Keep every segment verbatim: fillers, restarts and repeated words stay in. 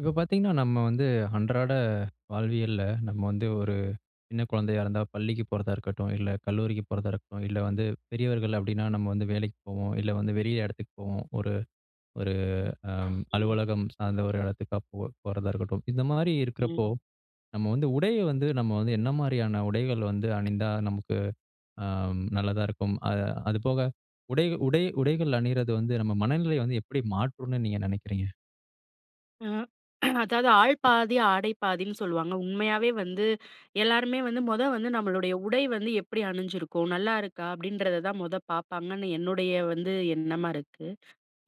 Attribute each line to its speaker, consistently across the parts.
Speaker 1: இப்ப பார்த்தீங்கன்னா, நம்ம வந்து அன்றாட வாழ்வியல்ல, நம்ம வந்து ஒரு சின்ன குழந்தையா இருந்தா பள்ளிக்கு போறதா இருக்கட்டும், இல்ல கல்லூரிக்கு போறதா இருக்கட்டும், இல்ல வந்து பெரியவர்கள் அப்பிடின்னா நம்ம வந்து வேலைக்கு போவோம். இல்ல வந்து வெளிய இடத்துக்கு போவோம். ஒரு ஒரு அ
Speaker 2: ம்.
Speaker 1: அலுவலகம் சார்ந்த ஒரு இடத்துக்கா போ போறதா இருக்கட்டும். இந்த மாரி இருக்கிறப்போ!
Speaker 2: ம்.
Speaker 1: நம்ம வந்து உடைய வந்து நம்ம வந்து என்ன மாதிரியான உடைகள் வந்து அணிந்தா நமக்கு அம் நல்லதா இருக்கும். அ அதுபோக உடை உடை உடைகள் அணியிறது வந்து நம்ம மனநிலைய வந்து எப்பிடி மாற்றும்ன்னு நீங்க நினைக்கிறீங்க?
Speaker 2: அ அதாவது ஆள் பாதி ஆடை பாதின்னு சொல்வாங்க. உண்மையாவே வந்து எல்லாருமே வந்து மொத வந்து நம்மளுடைய உடை வந்து எப்பிடி அணிஞ்சிருக்கோம், நல்லாயிருக்கா? அப்பிடின்றத தான் முத பார்ப்பாங்கன்னு என்னுடைய வந்து எண்ணமா இருக்கு.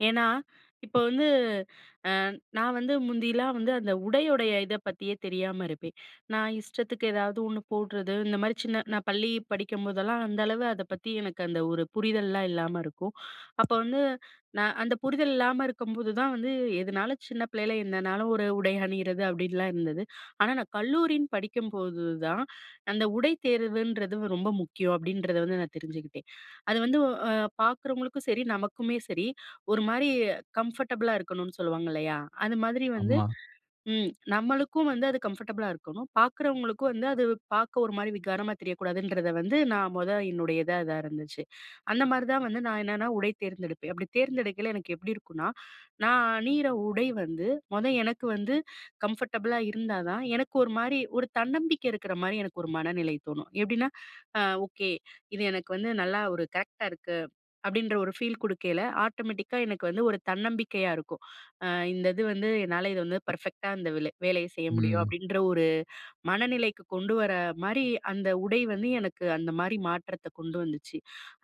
Speaker 2: ஏன்னா, இப்போது வந்து, அ நான் வந்து முந்தில்லாம் வந்து அந்த உடையுடைய இதை பத்தியே தெரியாம இருப்பேன். நான் இஷ்டத்துக்கு ஏதாவது ஒண்ணு போட்றது, இந்தமாரி சின்ன நான் பள்ளி படிக்கும்போதெல்லாம் அந்த அளவு அத பத்தி எனக்கு அந்த ஒரு புரிதல்லாம் இல்லாம இருக்கும். அப்போ வந்து நான் அந்த புரிதல் இல்லாம இருக்கும்போது தான் வந்து, எதுனாலும் சின்ன பிள்ளையில என்னனாலும் ஒரு உடை அணியிறது, அப்பிடின்லாம் இருந்தது. ஆனா, நான் கல்லூரின்னு படிக்கும்போது தான், அந்த "உடை தேர்வுன்றது ரொம்ப முக்கியம்." அப்பிடின்றத வந்து நான் தெரிஞ்சுக்கிட்டேன். அது வந்து அ பார்க்குறவங்களுக்கும் சரி, நமக்குமே சரி, ஒரு மாரி கம்ஃபர்டபுளா இருக்கணும்ன்னு சொல்லுவாங்க. இல்லயா! அது மாதிரி வந்து
Speaker 1: ஆமா.
Speaker 2: ம். நம்மளுக்கும் வந்து அது கம்ஃபர்டபுளா இருக்கணும். பார்க்குறவங்களுக்கும் வந்து அது வ் பார்க்க ஒரு மாரி விகாரமா தெரியக்கூடாதுன்றத வந்து நான் முத என்னுடையதா இதா இருந்துச்சு. அந்த மாரி தான் வந்து நான் என்னன்னா, உடை தேர்ந்தெடுப்பேன். அப்பிடி தேர்ந்தெடுக்கையில எனக்கு எப்பிடி இருக்கும்ன்னா, நான் அணியிற உடை வந்து முத எனக்கு வந்து கம்ஃபர்டபுளா இருந்தா தான், எனக்கு ஒரு மாரி ஒரு தன்னம்பிக்கை இருக்கிறமாரி எனக்கு ஒரு மனநிலை தோணும். எப்பிடின்னா, "அ ஓகே! இது எனக்கு வந்து நல்லா ஒரு கரெக்ட்டா இருக்கு." அப்பிடின்ற ஒரு ஃபீல் குடுக்கையில ஆட்டோமெட்டிக்கா எனக்கு வந்து ஒரு தன்னம்பிக்கையா இருக்கும். அ இந்த இது வந்து என்னால இது வந்து பெர்ஃபெக்ட்டா இந்த வெலு வேலைய செய்ய முடியும்,
Speaker 1: ம்.
Speaker 2: அப்பிடின்ற ஒரு மனநிலைக்கு கொண்டு வர மாரி, அந்த உடை வந்து எனக்கு அந்த மாரி மாற்றத்த கொண்டு வந்துச்சு.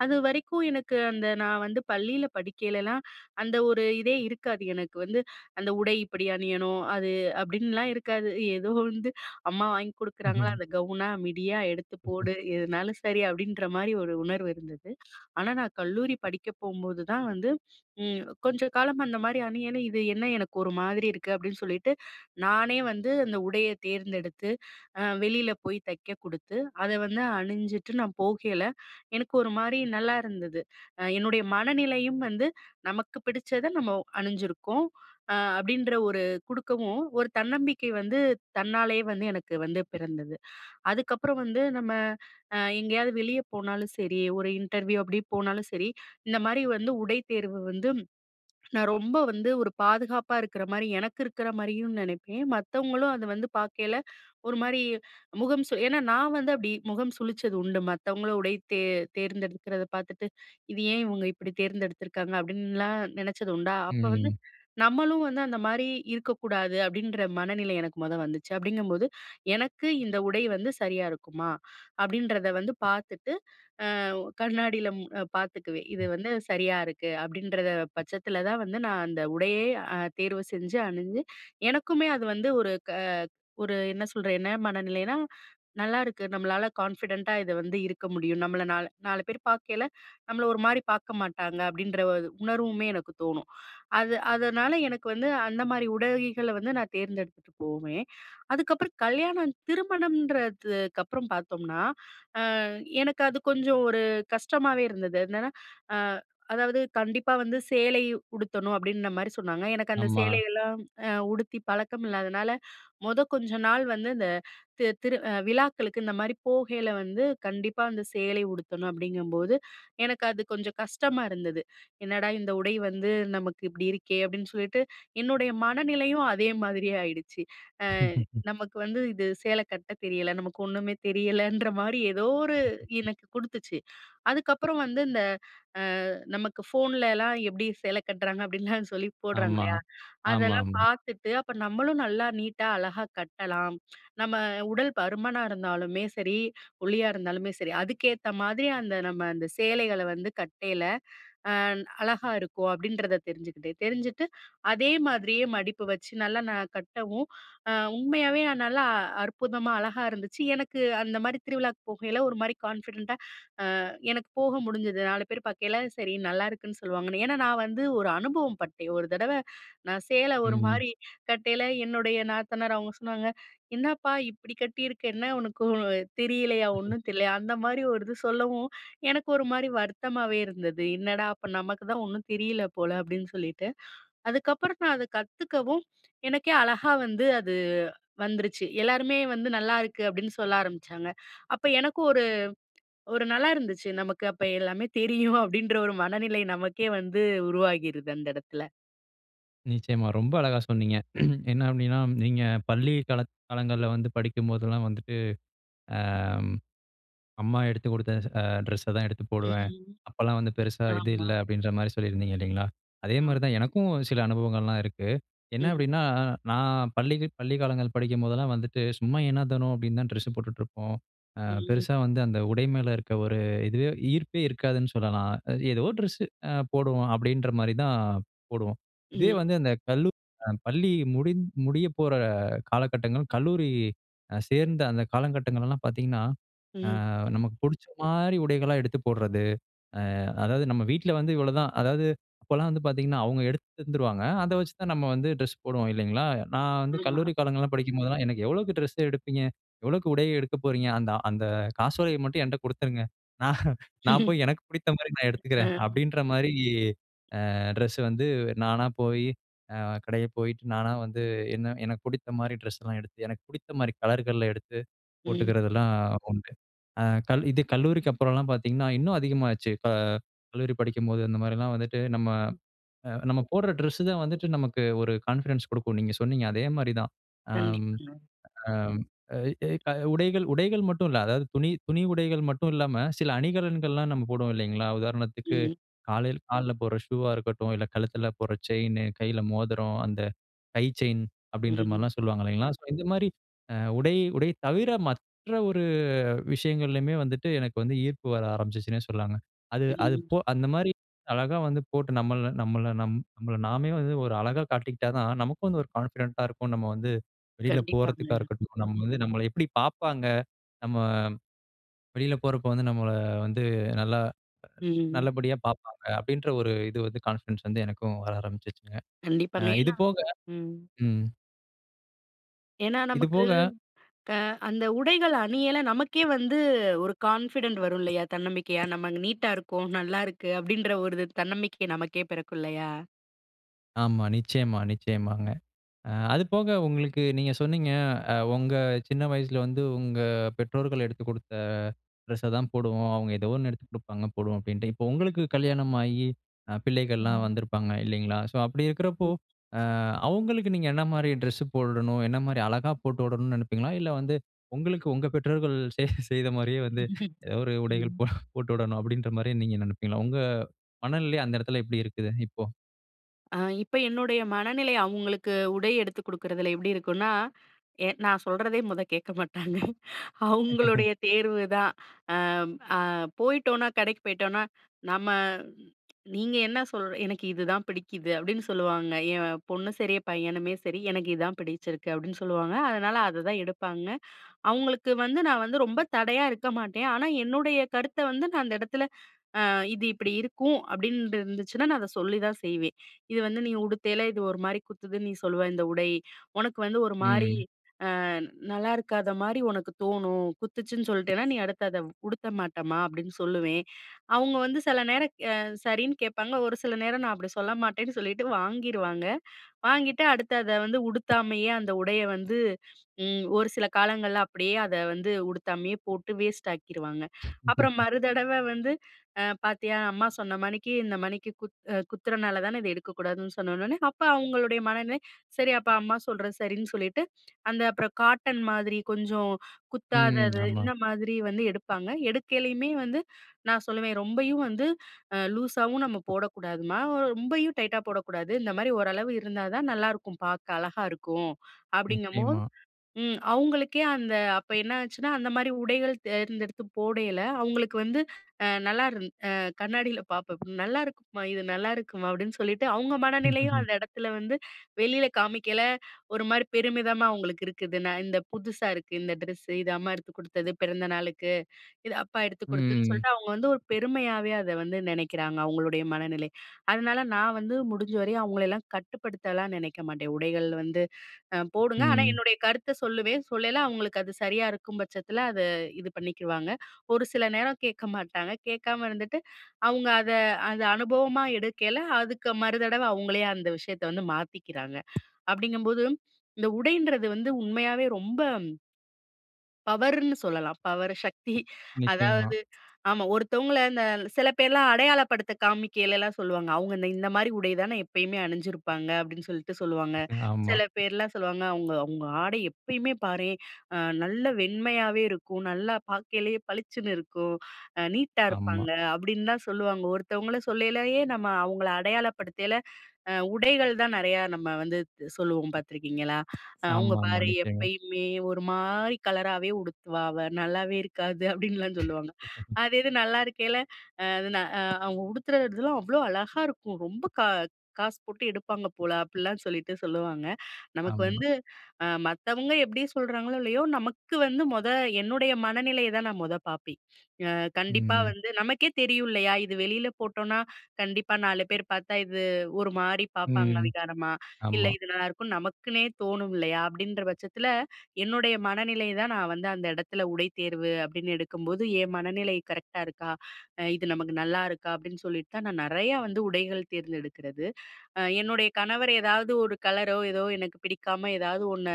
Speaker 2: அது வரைக்கும் எனக்கு அந்த நான் வந்து பள்ளியில படிக்கையிலெல்லாம் அந்த ஒரு இதே இருக்காது. எனக்கு வந்து, "அந்த உடை இப்பிடி அணியணும், அது" அப்பிடின்லாம் இருக்காது. ஏதோ வந்து, "அம்மா வாங்கி குடுக்கறாங்களா! அந்த கவுனா, மிடியா, எடுத்து போடு! எதுனாலும் சரி." அப்பிடின்றமாரி ஒரு உணர்வு இருந்தது. ஆனா, நான் கல்லூரி படிக்க போம்போது தான் வந்து ம். கொஞ்சம் காலம் அந்த மாரி அணியணிய, "இது என்ன எனக்கு ஒரு மாதிரி இருக்கு?" அப்பிடின்னு சொல்லிட்டு. நானே வந்து அந்த உடைய தேர்ந்தெடுத்து அ வெளியில போய் தைக்க குடுத்து, அதை வந்து அணிஞ்சுட்டு, நான் போகையில, எனக்கு ஒரு மாரி நல்லா இருந்தது. அ என்னுடைய மனநிலையும் வந்து, "நமக்கு பிடிச்சத, நம்ம அணிஞ்சிருக்கோம்." அ அப்பிடின்ற ஒரு குடுக்கவும், ஒரு தன்னம்பிக்கை வந்து தன்னாலயே வந்து எனக்கு வந்து பிறந்தது. அதுக்கப்புறம் வந்து நம்ம அ எங்கேயாவது வெளிய போனாலும் சரி, ஒரு இன்டர்வியூ அப்பிடி போனாலும் சரி, இந்தமாரி வந்து உடை தேர்வு வந்து நான் ரொம்ப வந்து ஒரு பாதுகாப்பா இருக்கற மாரி எனக்கு இருக்கிற மாதிரியும் நினைப்பேன். மத்தவங்களும் அத வந்து பார்க்கையில ஒரு மாரி முகம் சுலி ஏன்னா, நான் வந்து அப்பிடி முகம் சுழிச்சது உண்டு. மத்தவங்கள உடை தே தேர்ந்தெடுக்கிறத பார்த்துட்டு, "இது ஏன் இவுங்க இப்பிடி தேர்ந்தெடுத்துருக்காங்க?" அப்பிடின்லாம் நினைச்சது உண்டா!
Speaker 1: ம்,
Speaker 2: அப்போ வந்து,
Speaker 1: ம்.
Speaker 2: "நம்மளும் வந்து அந்த மாரி இருக்கக்கூடாது." அப்பிடின்ற மனநிலை எனக்கு முத வந்துச்சு. அப்பிடிங்கம்போது, "எனக்கு இந்த உடை வந்து சரியா இருக்குமா?" அப்பிடின்றத வந்து பார்த்துட்டு அ கண்ணாடியில ம் பார்த்துக்குவேன். "இது
Speaker 1: ம்.
Speaker 2: வந்து சரியா இருக்கு." அப்பிடின்றத பட்சத்தில தான் வந்து நான் அந்த உடையே அ தேர்வு செஞ்சு அணிஞ்சு எனக்குமே அது வந்து ஒரு க ஒரு என்ன சொல்ற என்ன மனநிலைனா, "நல்லாருக்கு, நம்மளால கான்ஃபிடென்ட்டா இத வந்து இருக்க முடியும். நம்மள நால் நாலு பேரு பார்க்கையில, நம்மள ஒரு மாரி பார்க்க மாட்டாங்க." அப்பிடின்ற [unintelligible] ஒரு உணர்வுமே எனக்கு தோணும். அது அதனால எனக்கு வந்து அந்த மாரி உடைகள வந்து நான் தேர்ந்தெடுத்துட்டுபோவுமே! அதுக்கப்புறம் கல்யாணம் திருமணம்ன்றதுக்கு அப்புறம் பார்த்தோம்ன்னா, அ எனக்கு அது கொஞ்சம் ஒரு கஷ்டமாவே இருந்தது. என்னன்னா அ அதாவது, "கண்டிப்பா வந்து சேலை உடுத்தணும்." அப்பிடின்ன மாரி சொன்னாங்க. எனக்கு அந்த
Speaker 1: ஆமா.
Speaker 2: சேலையெல்லாம் அ உடுத்தி பழக்கம் இல்லாதனால, முத கொஞ்ச நாள் வந்து இந்த தி திரு அ விழாக்களுக்கு இந்தமாரி போகையில வந்து கண்டிப்பா அந்த சேலை உடுத்தணும் அப்பிடிங்கம்போது, எனக்கு அது கொஞ்சம் கஷ்டமா இருந்தது. "என்னடா, இந்த உடை வந்து நமக்கு இப்பிடி இருக்கே!" அப்பிடின்னு சொல்லிட்டு என்னுடைய மனநிலையும் அதே மாதிரியே ஆயிடுச்சு. அ நமக்கு வந்து இது சேலை கட்ட தெரியல. நமக்கு ஒண்ணுமே தெரியலன்றமாரி எதோ ஒரு எனக்கு குடுத்துச்சு. அதுக்கப்புறம் வந்து இந்த அ நமக்கு ஃபோன்ல எல்லாம் எப்பிடி சேலை கட்டுறாங்க, அப்பிடின்லாம் சொல்லி போடுறாங்க.
Speaker 1: ஆமா.
Speaker 2: இல்லயா! அதெல்லாம்
Speaker 1: ஆமாமா.
Speaker 2: பார்த்துட்டு, "அப்ப நம்மளும் நல்லா, நீட்டா, அழகா கட்டலாம். நம்ம உடல் பருமனா இருந்தாலுமே சரி, ஒல்லியா இருந்தாலுமே சரி. அதுக்கேத்தமாரி அந்த நம்ம அந்த சேலைகள வந்து கட்டையில அ அழகா இருக்கும்." அப்பிடின்றத தெரிஞ்சுக்கிட்டு, தெரிஞ்சிட்டு அதேமாரியே மடிப்பு வச்சு நல்லா நான் கட்டவும் அ உண்மையாவே நான் நல்லா, அற்புதமா, அழகா இருந்துச்சு. எனக்கு அந்தமாரி திருவிழாக்கு போகையில ஒரு மாரி கான்ஃபிடென்ட்டா அ எனக்கு போக முடிஞ்சுது. நாலு பேரு பாக்கையில, சரி நல்லாயிருக்குன்னு சொல்லுவாங்கனு. ஏன்னா, நான் வந்து ஒரு அனுபவம் பட்டேன். ஒரு தடவ நான் சேல ஒரு
Speaker 1: ம்.
Speaker 2: மாரி கட்டையில என்னுடைய நாத்தனார் அவுங்க சொன்னாங்க, "என்னப்பா! இப்பிடி கட்டியிருக்க? என்ன உனக்கு தெரியலயா? ஒண்ணும் தெரியலயா?" அந்த மாரி ஒரு இது சொல்லவும், எனக்கு ஒருமாரி வருத்தமாவே இருந்தது. "என்னடா! அப்ப நமக்கு தான் ஒண்ணும் தெரியல போல." அப்பிடின்னு சொல்லிட்டு, அதுக்கப்பறம் நான் அதை கத்துக்கவும், எனக்கே அழகா வந்து அது வந்துருச்சு. எல்லாருமே வந்து, "நல்லா இருக்கு." அப்பிடின்னு சொல்ல ஆரம்பிச்சாங்க. அப்போ எனக்கும் ஒரு ஒரு நல்லா இருந்துச்சு. "நமக்கு அப்ப எல்லாமே தெரியும்." அப்பிடின்ற ஒரு மனநிலை நமக்கே வந்து உருவாகிருது, அந்த இடத்துல.
Speaker 1: நிச்சயமா. ரொம்ப அழகா சொன்னீங்க. என்ன அப்படின்னா, நீங்க பள்ளி காலங் காலங்கள்ல வந்து படிக்கும்போதெல்லாம் வந்துட்டு, அ அம்மா எடுத்து குடுத்த அ டிரெஸ்ஸை தான் எடுத்து போடுவேன்.
Speaker 2: ம்.
Speaker 1: அப்போலாம் வந்து பெருசா இது
Speaker 2: ஆமா.
Speaker 1: இல்ல. அப்படின்ற மாதிரி சொல்லியிருந்தீங்க இல்லிங்களா. அதே
Speaker 2: ஆம்.
Speaker 1: மாரிதான், எனக்கும் சில அனுபவங்கள்லாம் இருக்கு. என்ன
Speaker 2: ம்.
Speaker 1: அப்படின்னா, நான் பள்ளி பள்ளி காலங்கள் படிக்கும்போதெல்லாம் வந்துட்டு, சும்மா எனோ தனோ அப்படின்னு தான் ட்ரெஸ் போட்டுட்டு இருப்போம். அ
Speaker 2: ம்.
Speaker 1: பெருசா வந்து அந்த உடை மேல இருக்க ஒரு இதுவே ஈர்ப்பே இருக்காதுன்னு சொல்லலாம். ஏதோ ட்ரெஸ்ஸு போடுவோம். அப்படின்ற மாரி தான் போடுவோம். இதே
Speaker 2: ம்.
Speaker 1: வந்து அந்த கல்லூரி பள்ளி முடி முடிய போகிற காலகட்டங்கள். கல்லூரி சேர்ந்த அந்த காலகட்டங்களெல்லாம் பார்த்தீங்கன்னா, அ
Speaker 2: ம்.
Speaker 1: நமக்கு பிடிச்ச மாதிரி உடைகளா எடுத்து போடுறது. அ அதாவது நம்ம வீட்ல வந்து இவ்வளோதான் அதாவது அப்போலாம் வந்து பார்த்தீங்கன்னா, அவங்க எடுத்து தந்துருவாங்க அதை வச்சு தான் நம்ம வந்து ட்ரெஸ் போடுவோம் இல்லிங்களா, நான் வந்து
Speaker 2: ஆமா.
Speaker 1: கல்லூரி காலங்கள்லாம் படிக்கும்போதெல்லாம். "எனக்கு எவ்வளோக்கு ட்ரெஸ் எடுப்பீங்க? எவ்வளோக்கு உடையை எடுக்கப் போறீங்க? அந்த அந்த காசோலையை மட்டும் என்கிட்ட கொடுத்துருங்க. நான் நான் போய் எனக்கு பிடிச்ச மாதிரி நான் எடுத்துக்கிறேன்."
Speaker 2: அ.
Speaker 1: அப்படின்ற மாதிரி ட்ரெஸ் வந்து நானா போய், கடையில போயிட்டு நானா வந்து என்ன எனக்கு பிடித்த மாதிரி ட்ரெஸ்லாம் எடுத்து, எனக்கு பிடித்த மாதிரி கலர்கள்ல எடுத்து
Speaker 2: ம்.
Speaker 1: போட்டுக்கிறதெல்லாம் உண்டு. ஆ இது கல்லூரிக்கு அப்புறம்லாம் பார்த்தீங்கன்னா, இன்னும் அதிகமாச்சு. ப கல்லூரி படிக்கும்போது அந்த மாரிலாம் வந்துட்டு நம்ம
Speaker 2: ம்.
Speaker 1: நம்ம போடுற டிரெஸ் தான் வந்துட்டு நமக்கு ஒரு கான்ஃபிடன்ஸ் கொடுக்கும். நீங்க சொன்னீங்க. அதே மாரிதான், ஆம்
Speaker 2: கண்டிப்பா.
Speaker 1: அம் உடைகள் உடைகள் மட்டும் இல்லை அதாவது துணி துணி உடைகள் மட்டும் இல்லாம சில அணிகலன்கள்லாம் நம்ம போடுவோம் இல்லிங்களா, உதாரணத்துக்கு
Speaker 2: ம்.
Speaker 1: காலையில கால்ல போடுற ஷூஆ இருக்கட்டும். இல்ல, கழுத்துல போடுற செயின் கையில மோதிரம், அந்த கை செயின் அப்படிங்கிற
Speaker 2: ம்.
Speaker 1: மாரிலாம் சொல்வாங்க இல்லிங்களா. சோ, இந்த மாரி உடை உடை தவிர, மற்ற ஒரு விஷயங்கள்லயுமே வந்துட்டு எனக்கு வந்து ஈர்ப்பு வர ஆரம்பிச்சுச்சுன்னே சொல்லலாம்ங்க. அது அது
Speaker 2: ம்.
Speaker 1: போ அந்த மாரி அழகா வந்து போட்டு நம்மள நம்மள நம் நம்மள நாமே வந்து ஒரு அழகா காட்டிக்கிட்டா தான் நமக்கு வந்து ஒரு கான்ஃபிடென்ட்டா இருக்கும். நம்ம வந்து வெளில
Speaker 2: கண்டிப்பாங்க.
Speaker 1: போறதுக்கா இருக்கட்டும், நம்ம வந்து நம்மள எப்படி பாப்பாங்க. நம்ம வெளில போறப்போ வந்து நம்மள வந்து நல்லா
Speaker 2: ம்.
Speaker 1: நல்லபடியா பாப்பாங்க. அப்படின்ற ஒரு இது வந்து கான்ஃபிடன்ஸ் வந்து, எனக்கும் வர ஆரம்பிச்சுச்சுங்க.
Speaker 2: கண்டிப்பாங்க.
Speaker 1: இது
Speaker 2: ஏனா
Speaker 1: போக
Speaker 2: ம்.
Speaker 1: ம்.
Speaker 2: ஏன்னா
Speaker 1: இது
Speaker 2: நமக்கு,
Speaker 1: போக
Speaker 2: க அந்த உடைகள் அணியையில நமக்கே வந்து ஒரு கான்ஃபிடன்ட் வரும் இல்லையா? தன்னம்பிக்கையா, "நம்ம நீட்டா இருக்கோம். நல்லா இருக்கு" அப்படீன்ற ஒரு தன்னம்பிக்கை நமக்கே பிறக்கும் இல்லையா?
Speaker 1: ஆமா. நிச்சயமா, நிச்சயமாங்க. அ அது
Speaker 2: ம்.
Speaker 1: போக உங்களுக்கு நீங்க சொன்னீங்க, அ உங்க சின்ன வயசுல வந்து, "உங்க பெற்றோர்கள் எடுத்துக் குடுத்த ட்ரெஸ்ஸ தான் போடுவோம். அவங்க ஏதோ ஒண்ணு எடுத்து குடுப்பாங்க போடுவோம்." அப்டீன்ட்டு. இப்போ உங்களுக்கு கல்யாணம் ஆயி அ பிள்ளைகள்லாம்
Speaker 2: ம்.
Speaker 1: வந்திருப்பாங்க, இல்லைங்களா? ஸோ அப்படி இருக்கிறப்போ,
Speaker 2: [unintelligible]
Speaker 1: "அ அவுங்களுக்கு நீங்க என்ன மாரி டிரெஸ்ஸு போடணும்? என்ன மாரி அழகா போட்டு வுடணும்ன்னு நெனைப்பீங்களா? இல்ல வந்து, உங்களுக்கு உங்க பெற்றோர்கள் செய் செய்த மாரியே வந்து, அ ஒரு உடைகள்
Speaker 2: ம்.
Speaker 1: போ போட்டு வுடணும்." அப்படீன்ற மாரியே நீங்க நெனைப்பீங்களா? உங்க மனநிலை அந்த எடத்தில எப்டி இருக்குது, இப்போ?
Speaker 2: அ இப்ப என்னுடைய மனநிலை அவுங்களுக்கு உடை எடுத்து குடுக்குறதில எப்படி இருக்கும்ன்னா, எ நான் சொல்றதே மொத கேட்க மாட்டாங்க. அவங்களுடைய தேர்வுதான். அம் அ போயிட்டோம்ன்னா கடைக்கு போயிட்டோம்ன்னா, நம்ம "நீங்க என்ன சொல் எனக்கு இதுதான் பிடிக்குது." அப்படீன்னு சொல்லுவாங்க. என் பொண்ணும் சரி, பையனுமே சரி, "எனக்கு இதான் பிடிச்சிருக்கு." அப்படீன்னு சொல்லுவாங்க. அதனால, அத தான் எடுப்பாங்க. அவங்களுக்கு வந்து நான் வந்து ரொம்ப தடையா இருக்க மாட்டேன். ஆனா என்னுடைய கருத்தை வந்து நான் அந்த இடத்துல, "அ இது இப்படி இருக்கும்." அப்படீன்டு இருந்துச்சுன்னா, நா அதை சொல்லிதான் செய்வேன். "இது வந்து நீ உடுத்தேயில இது ஒரு மாரி குத்துதுன்னு நீ சொல்லுவ, இந்த உடை. உனக்கு வந்து ஒரு மாரி,
Speaker 1: ம்.
Speaker 2: அ நல்லாயிருக்காத மாரி ஒனக்கு தோணும். குத்துச்சுன்னு சொல்லிட்டேன்னா, நீ அடுத்து அதை உடுத்த மாட்டம்மா." அப்படீன்னு சொல்லுவேன். அவுங்க வந்து செல நேரம் அ சரின்னு கேட்பாங்க. ஒரு சில நேரம் நான் அப்படி சொல்ல மாட்டேன்னு சொல்லீட்டு வாங்கிருவாங்க. வாங்கிட்டு அடுத்து அதை வந்து உடுத்தாமயே அந்த உடையை வந்து, ம் ஒரு சில காலங்கள்ல அப்படியே அதை வந்து உடுத்தாமயே போட்டு, வேஸ்ட் ஆக்கிருவாங்க. அப்பறம் மறுதடவை வந்து, அ பார்த்தியா! அம்மா சொன்ன மணிக்கு இந்த மணிக்கு குத் குத்துறனால தான, இத எடுக்கக்கூடாதுன்னு சொன்ன உடன, அப்ப அவங்களுடைய மனநிலை, சரி அப்ப அம்மா சொல்றது சரின்னு சொல்லீட்டு, அந்த அப்பறம் காட்டன் மாதிரி கொஞ்சம்
Speaker 1: ம்.
Speaker 2: குத்தாதது,
Speaker 1: ஆமா.
Speaker 2: இந்த மாதிரி வந்து எடுப்பாங்க. எடுக்கைலயுமே வந்து நான் சொல்லுவேன், "ரொம்பயும் வந்து அ லூஸாவும் நம்ம போடக்கூடாதும்மா, ரொம்பயும் டைட்டா போடக்கூடாது. இந்த மாரி ஓரளவு இருந்தா தான் நல்லாயிருக்கும், பார்க்க அழகா இருக்கும்." அப்படீங்கும்போது
Speaker 1: நிச்சயமா.
Speaker 2: ம். அவுங்களுக்கே அந்த அப்ப என்ன ஆச்சுன்னா அந்த மாரி உடைகள் தேர்ந்தெடுத்து போடையில, அவுங்களுக்கு வந்து அ நல்லா இருந் அ கண்ணாடியில பார்ப்பேன். "நல்லாயிருக்குமா! இது நல்லாயிருக்குமா!" அப்படீன்னு சொல்லிட்டு, அவங்க மனநிலையும் அந்த எடத்துல வந்து, வெளியில காமிக்கயில ஒரு மாரி பெருமிதமா அவுங்களுக்கு இருக்குது. நான் இந்த "புதுசா இருக்கு, இந்த ட்ரெஸ்ஸு. இது அம்மா எடுத்து குடுத்தது பிறந்த நாளுக்கு, இது அப்பா எடுத்து
Speaker 1: ம்.
Speaker 2: குடுத்ததுன்னு"
Speaker 1: ம். ம்.
Speaker 2: சொல்லிட்டு, அவுங்க வந்து ஒரு பெருமையாவே அதை வந்து நெனைக்கிறாங்க, அவங்களுடைய மனநிலை. அதனால நான் வந்து முடிஞ்ச வரையும் அவங்களையல்லாம் கட்டுப்படுத்தல்லாம் நெனைக்க மாட்டேன். உடைகள் வந்து அ போடுங்க, ஆனா
Speaker 1: ம்.
Speaker 2: என்னுடைய கருத்தை சொல்லுவேன். சொல்லையில அவங்களுக்கு அது சரியா இருக்கும் பட்சத்தில, அதை இது பண்ணிக்குவாங்க. ஒரு சில நேரம் கேட்க மாட்டாங்க. கேட்காம இருந்துட்டு, அவுங்க அத அத அனுபவமா எடுக்கையில, அதுக்கு மறுதடவை அவுங்களே அந்த விஷயத்தை வந்து மாத்திக்கிறாங்க. அப்படீங்கும்போது, இந்த உடைன்றது வந்து உண்மையாவே ரொம்ப பவருன்னு சொல்லலாம். பவர் சக்தி.
Speaker 1: நிச்சயமா.
Speaker 2: அதாவது ஆமா, ஒருத்தவங்கள இந்த சில பேர்லாம் அடையாளப்படுத்த காமிக்கைலலாம் சொல்லுவாங்க, "அவங்க இந்த இந்த மாதிரி உடை தானே எப்பயுமே அணிஞ்சிருப்பாங்க." அப்பிடின்னு சொல்லிட்டு சொல்லுவாங்க,
Speaker 1: ஆமா.
Speaker 2: சில பேர்லாம் சொல்லுவாங்க "அவங்க அவங்க ஆடை எப்பயுமே பாரேன் நல்ல வெண்மையாவே இருக்கும். நல்லா பாக்கையிலேயே பளிச்சின்னு இருக்கும். நீட்டா
Speaker 1: ஆமா.
Speaker 2: இருப்பாங்க." அப்பிடின்னு தான் சொல்லுவாங்க. ஒருத்தவங்கள சொல்லையிலேயே நம்ம அவங்கள அடையாளப்படுத்தயல உடைகள் தான் நெறையா நம்ம வந்து சொல்லுவோம். பார்த்துருக்கீங்களா, "அவங்க
Speaker 1: ஆமாமா,
Speaker 2: பாரு
Speaker 1: நிச்சயமா.
Speaker 2: எப்பயுமே ஒரு மாதிரி கலராகவே உடுத்துவா அவ, நல்லாவே இருக்காது." அப்படின்லாம் சொல்லுவாங்க. அது இது நல்லா இருக்கல அ ன "அவங்க உடுத்துறதுலாம் அவ்வளோ அழகா இருக்கும். ரொம்ப கா காசு போட்டு எடுப்பாங்க போல." அப்படிலாம் சொல்லிட்டு சொல்லுவாங்க. நமக்கு
Speaker 1: ஆமா.
Speaker 2: வந்து மத்தவங்க எப்படி சொல்றாங்களோ இல்லயோ, நமக்கு வந்து மொத என்னுடைய மனநிலைய தான் நான் மொத பார்ப்பேன். கண்டிப்பா
Speaker 1: ம்.
Speaker 2: வந்து நமக்கே தெரியும் இல்லையா, "இது வெளியில போட்டோம்னா கண்டிப்பா, நாலு பேர் பாத்தா இது ஒரு மாரி பாப்பாங்க
Speaker 1: ம்.
Speaker 2: விகாரமா, இல்ல
Speaker 1: ஆமா.
Speaker 2: இது நல்லாயிருக்கும்னு" நமக்குன்னே தோணும் இல்லையா, அப்படின்ற பட்சத்தில என்னுடைய மனநிலை தான் நான் வந்து அந்த இடத்துல உடைத்தேர்வு அப்பிடின்னு எடுக்கும்போது, என் மனநிலை கரெக்ட்டா இருக்கா? இது நமக்கு நல்லா இருக்கா? அப்டீன்னு சொல்லிட்டு தான் நான் நெறையா வந்து உடைகள் தேர்ந்தெடுக்கிறது. அ என்னுடைய கணவர் ஏதாவது ஒரு கலரோ ஏதோ எனக்கு பிடிக்காம ஏதாவது ஒண்ணு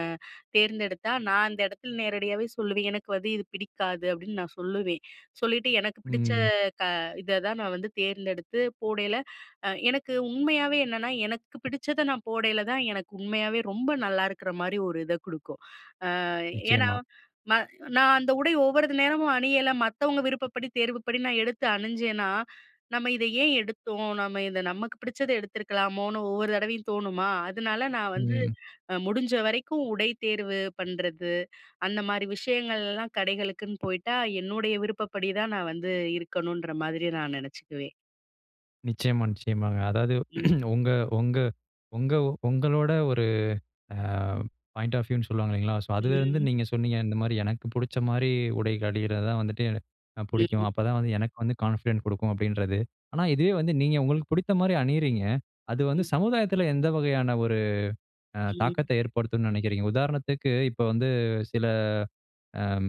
Speaker 2: தேர்ந்தெடுத்தா நான் அந்த இடத்தில நேரடியாகவே சொல்லுவேன் "எனக்கு வந்து இது பிடிக்காது." அப்பிடின்னு நான் சொல்லுவேன். சொல்லிட்டு எனக்கு பிடிச்ச
Speaker 1: ம்.
Speaker 2: இத தான் நான் வந்து தேர்ந்தெடுத்து போடையில, எனக்கு உண்மையாவே என்னன்னா, எனக்கு பிடிச்சத நான் போடையில தான் எனக்கு உண்மையாகவே ரொம்ப நல்லா இருக்கிற மாரி ஒரு இதை குடுக்கும். அ ஏன்னா,
Speaker 1: நிச்சயமா.
Speaker 2: நான் அந்த உடை ஒவ்வொரு நேரமும் அணியலை மத்தவங்க விருப்பப்படி தேர்வுப்படி நான் எடுத்து அணிஞ்சேனா, "நம்ம இதை ஏன் எடுத்தோம்? நம்ம இதை நமக்கு பிடிச்சத எடுத்துருக்கலாமோன்னு" ஒவ்வொரு தடவையும் தோணுமா, அதனால நான் வந்து
Speaker 1: ம்.
Speaker 2: முடிஞ்ச வரைக்கும் உடை தேர்வு பண்ணுறது, அந்த மாதிரி விஷயங்கள்லாம் கடைகளுக்குன்னு போய்ட்டா என்னுடைய விருப்பப்படிதான் நான் வந்து இருக்கணுன்ற மாதிரி நான் நெனைச்சுக்குவேன்.
Speaker 1: நிச்சயமா, நிச்சயமாங்க. அதாவது
Speaker 2: ம்.
Speaker 1: உங்க உங்க உங்க உங்களோட ஒரு அ பாயிண்ட் ஆஃப் வியூ னு சொல்லுவாங்க இல்லைங்களா? ஸோ அதிலிருந்து
Speaker 2: ம்ஹ்ம்.
Speaker 1: நீங்க சொன்னீங்க இந்த மாதிரி "எனக்கு பிடிச்ச மாரி உடைகள் அணியறது தான் வந்துட்டு எ பிடிக்கும்.
Speaker 2: ம்.
Speaker 1: அப்போ தான் வந்து எனக்கு வந்து கான்ஃபிடன்ட் கொடுக்கும்." அப்படின்றது. ஆனா இதுவே வந்து நீங்க உங்களுக்கு பிடித்த மாரி அணியிறீங்க, அது வந்து
Speaker 2: ம்.
Speaker 1: சமுதாயத்தில எந்த வகையான ஒரு அ
Speaker 2: ம்.
Speaker 1: தாக்கத்த ஏற்படுத்தும்ன்னு நினைக்கிறீங்க? உதாரணத்துக்கு இப்போ வந்து சில அம்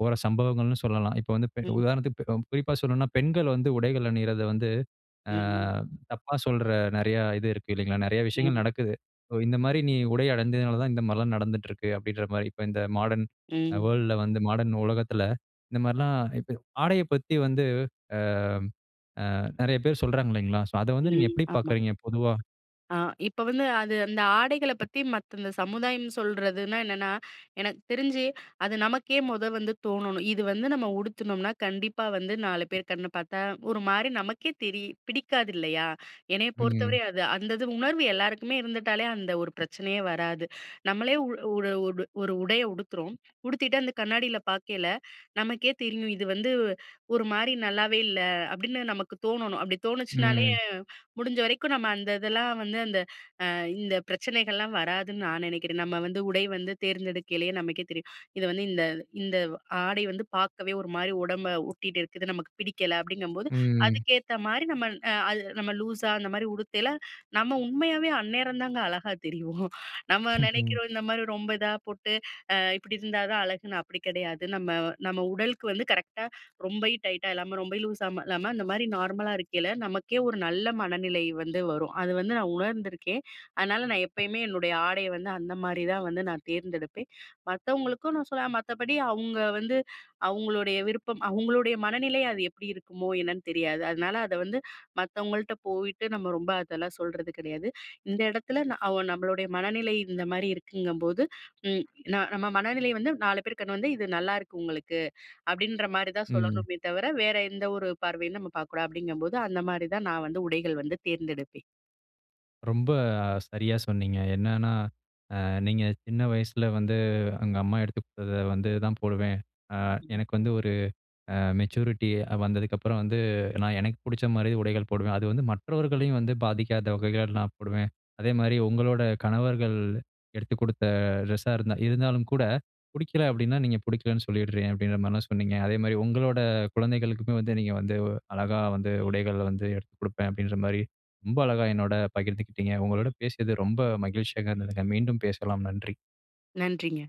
Speaker 1: போற சம்பவங்கள்ன்னு சொல்லலாம். இப்போ வந்து
Speaker 2: ம்.
Speaker 1: உதாரணத்துக்கு ப் குறிப்பா சொல்லணும்ன்னா, பெண்கள் வந்து உடைகள் அணியிறத வந்து, ஆ
Speaker 2: ம்.
Speaker 1: தப்பா சொல்ற நிறைய இது இருக்குது இல்லைங்களா? நிறைய விஷயங்கள்
Speaker 2: ஆமா.
Speaker 1: நடக்குது. "இந்த மாதிரி நீ உடை அணிஞ்சதுனால தான் இந்த மாரிலாம் நடந்துட்டு இருக்குது, அப்படிங்கிற மாதிரி இப்ப இந்த மாடர்ன்
Speaker 2: ம்.
Speaker 1: வேர்ல்ட் ல வந்து மாடர்ன் உலகத்தில இந்த மாரிலாம் ஆடையைப் பத்தி வந்து, அம் ஆ நிறைய பேர் சொல்றாங்க இல்லைங்களா? ஸோ, அத வந்து நீங்க
Speaker 2: ம்.
Speaker 1: எப்டி
Speaker 2: ஆமா.
Speaker 1: பார்க்கிறீங்க? பொதுவா.
Speaker 2: அ இப்ப வந்து, அது அந்த ஆடைகள பத்தி மத்த இந்த சமுதாயம் சொல்றதுனா என்னன்னா? எனக்கு தெரிஞ்சு, அது நமக்கே முத வந்து தோணனும். இது வந்து நம்ம உடுத்துனோம்னா கண்டிப்பா வந்து நாலு பேர் கண்ண பார்த்தா ஒரு மாரி நமக்கே தெரி பிடிக்காது இல்லையா, என்னைய
Speaker 1: ம்.
Speaker 2: பொறுத்தவரை அது, அந்த இது உணர்வு எல்லாருக்குமே இருந்துட்டாலே அந்த ஒரு பிரச்சனையே வராது. நம்மளே ஒரு ஓ உடைய உடுத்துறோம். உடுத்திட்டு அந்த கண்ணாடில பாக்கயில நமக்கே தெரியும். இது வந்து ஒரு மாரி நல்லாவே இல்ல, அப்படின்னு நமக்கு தோணனும். அப்படி தோணுச்சுனாலே
Speaker 1: ம்.
Speaker 2: முடிஞ்ச வரைக்கும் நம்ம அந்த இதெல்லாம் வந்து அந்த இந்த பிரச்சனைகள்லாம் வராதுன்னு நான் நினைக்கிறேன். நம்ம வந்து உடை வந்து தேர்ந்தெடுக்கையிலேயே நமக்கே தெரியும். இத வந்து, இந்த இந்த ஆடை வந்து பார்க்கவே ஒரு மாதிரி உடம்ப ஒட்டிகிட்டு இருக்குது நமக்கு பிடிக்கல. அப்படிங்கும்போது
Speaker 1: ம்.
Speaker 2: அதுக்கேத்த மாதிரி நம்ம அது நம்ம லூஸா அந்த மாரி உடுத்தல நம்ம உண்மையாவே அந்நேரம் தாங்க அழகா தெரிவோம். நம்ம
Speaker 1: ம்.
Speaker 2: நினைக்கிறோம். இந்த மாரி ரொம்ப இதா போட்டு, இப்படி இருந்தா தான் அழகுன்னு, அப்படி கிடையாது. நம்ம நம்ம உடலுக்கு வந்து கரெக்ட்டா ரொம்ப டைட்டா இல்லாம ரொம்ப லூஸா இல்லாம அந்த மாதிரி நார்மலா இருக்கையில, நமக்கே ஒரு நல்ல மனநிலை வந்து வரும். அது வந்து நான் உணர்ந்துருக்கேன். அதனால, நான் எப்பயுமே என்னுடைய ஆடைய வந்து அந்த மாரிதான் வந்து நான் தேர்ந்தெடுப்பேன். மத்தவங்களுக்கும் நான் சொல்லேன் மத்தபடி அவுங்க வந்து அவுங்களுடைய விருப்பம், அவங்களுடைய மனநிலை அது எப்படி இருக்குமோ என்னன்னு தெரியாது. அதனால, அத வந்து மத்தவங்கள்ட்ட போயிட்டு நம்ம ரொம்ப அதெல்லாம் சொல்றது கிடையாது. இந்த இடத்துல அ நம்மளுடைய மனநிலை இந்த மாரி இருக்குங்கும்போது ம். நா நம்ம மனநிலை வந்து நாலு பேர் கண்ண வந்து "இது நல்லாயிருக்கு உங்களுக்கு" அப்படின்ற மாரிதான்
Speaker 1: ம்.
Speaker 2: சொல்லணுமே தவிர, வேற எந்த ஒரு பார்வையும் நம்ம பார்க்கக்கூடாது. அப்படிங்கும்போது அந்த மாரிதான், நான் வந்து உடைகள் வந்து தேர்ந்தெடுப்பேன்.
Speaker 1: ரொம்ப அ சரியா சொன்னீங்க. என்னன்னா, அ நீங்க சின்ன வயசில வந்து "எங்க அம்மா எடுத்து குடுத்தத வந்து தான் போடுவேன். அ
Speaker 2: ம்.
Speaker 1: எனக்கு வந்து ஒரு அ மெச்சூரிட்டி வந்ததுக்கப்புறம் வந்து, நான் எனக்கு பிடிச்ச மாதிரி உடைகள் போடுவேன் அது வந்து மற்றவர்களையும் வந்து பாதிக்காத வகைகள் நான் போடுவேன்." அதே மாரி உங்களோட கணவர்கள் எடுத்துக் குடுத்த ட்ரெஸ்ஸா இருந்தா இருந்தாலும் கூட, பிடிக்கல அப்படின்னா நீங்க பிடிக்கலைன்னு சொல்லிடுறேன் அப்படின்ற மாதிரி தான் சொன்னீங்க. அதே மாரி உங்களோட குழந்தைகளுக்குமே வந்து நீங்க வந்து அழகா வந்து உடைகள் வந்து எடுத்து கொடுப்பேன் அப்படின்ற மாதிரி ரொம்ப அழகா என்னோடு பகிர்ந்துக்கிட்டீங்க. உங்களோடு பேசியது ரொம்ப மகிழ்ச்சியா இருந்ததுங்க. மீண்டும் பேசலாம். நன்றி!
Speaker 2: நன்றிங்க.